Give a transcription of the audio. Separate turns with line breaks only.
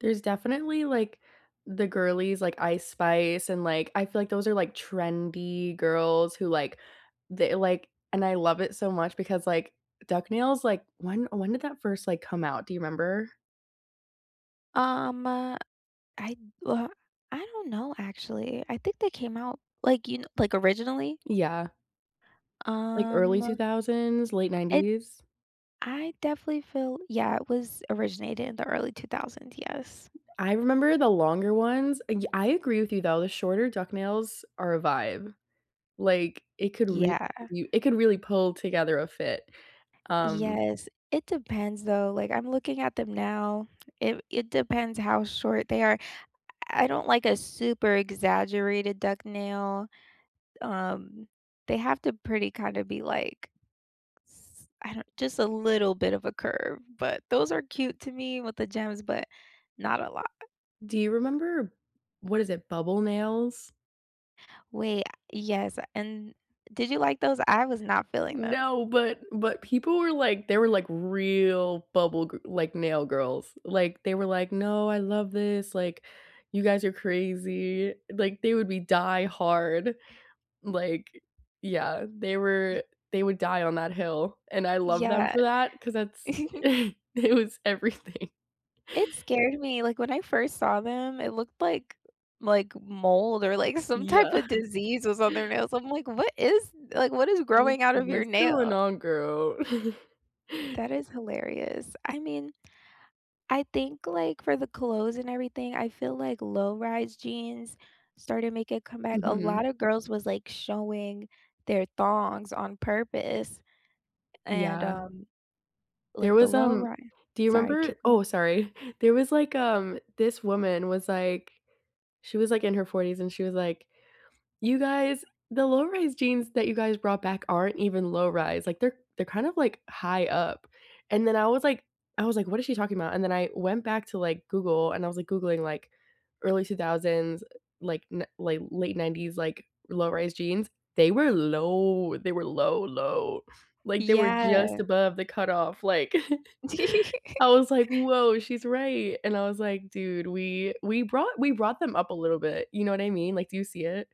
There's definitely, like, the girlies like Ice Spice and, like, I feel like those are, like, trendy girls who, like, the like and I love it so much because like duck nails, like, when when, eh, did that first, like, come out? Do you remember?
Um, uh, I uh, I don't know, actually, I think they came out, like, you kn like, originally?
Yeah. Like, early two
Um
thousands, late
It
90s?
I definitely feel yeah, it was originated in the early 2000, yes.
I remember the longer ones y I agree with you, though, the shorter duck nails are a vibe. Like, it could re
Yeah.
u it could really pull together a fit. Um
Yes. It depends, though, like, I'm looking at them now. It it depends how short they are I I don't like a super exaggerated duck nail. Um, they have to pretty, kinda, be like s I don't just a little bit of a curve, but those are cute to me with the gems, but not a lot.
Do you remember what is it? Bubble nails?
Wait, uh, yes, uh, and did you like those? I was not feeling them.
No, but but people were like they were like real bubble g like, nail girls. Like, they were like, "No, I love this, like, you guys are crazy." Like, they would be die-hard, like yeah, they were they would die on that hill and I love them
Yeah.
for that 'cause that's it was everything.
It scared me, like, when I first saw them, it looked like like mold or, like, some
Yeah.
type of disease was on their nails. I'm like, "What is like, what is
Mm,
growing out of your
what's going
nail?"
on, girl?
That is hilarious. I mean, I think, like, for the clothes and everything, I feel like low-rise jeans started make a comeback, a
Mhm.
lotta girls was, like, showing their thongs on purpose and,
Yeah.
um,
There
like, the
was, um
low-ri
do you
sorry,
remember
keep
oh,
going.
sorry, there was like, um this woman was like she was like in her 40s, and she was like, "You guys, the low-rise jeans that you guys brought back aren't even low-rise, like, they're they're kind of like high up." And then I was like I was like, "What is she talking about?" And then I went back to, like, Google and I was like googling, like, early 2000s, eh, like, n like, late ‘90s, like, low-rise jeans. They were low, they were low-low, like, they were just
Yeah.
above the cutoff, like I was like, "Whoa, she's right." And I was like, "Dude, we we brought we brought them up a little bit." You know what I mean? Like, do you see it?